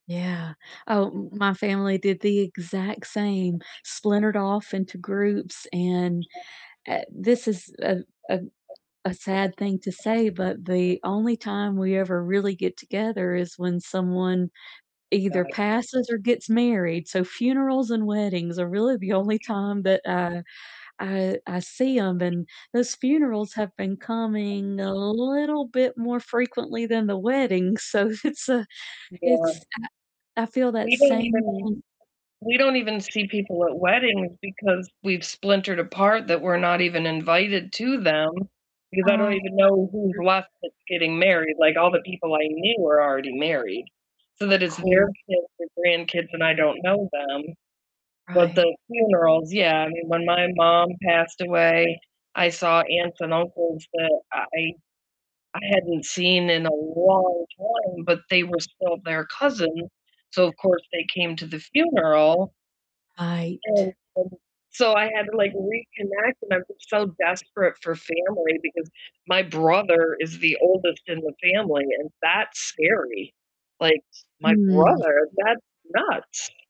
Yeah. Oh, m my family did the exact same, splintered off into groups, and, uh, this is a a a sad thing to say, but the only time we ever really get together is when someone either Right. passes or gets married, so funerals and weddings are really the only time that, uh, I I see 'em, and those funerals have been coming a little bit more frequently than the weddings, so it's a Yeah. it's I I feel that We don't same even thin we don't even see people at weddings because we've splintered apart that we're not even invited to them, because I don't Um even know who's [unintelligible] left that's getting married, like, all the people I knew were already married, so that it's their Cold. kids or grandkids, and I don't know them, but Right. the funerals yeah, I mean, when my mom passed away, I saw aunts and uncles that I I I hadn't seen in a long time, but they were still their cousin, so of course they came to the funeral and, Right. um, so I had to, like, reconnect, and I'm so desperate for family because my brother is the oldest in the family, and that's scary, like, my Hmm. brother? That's nuts.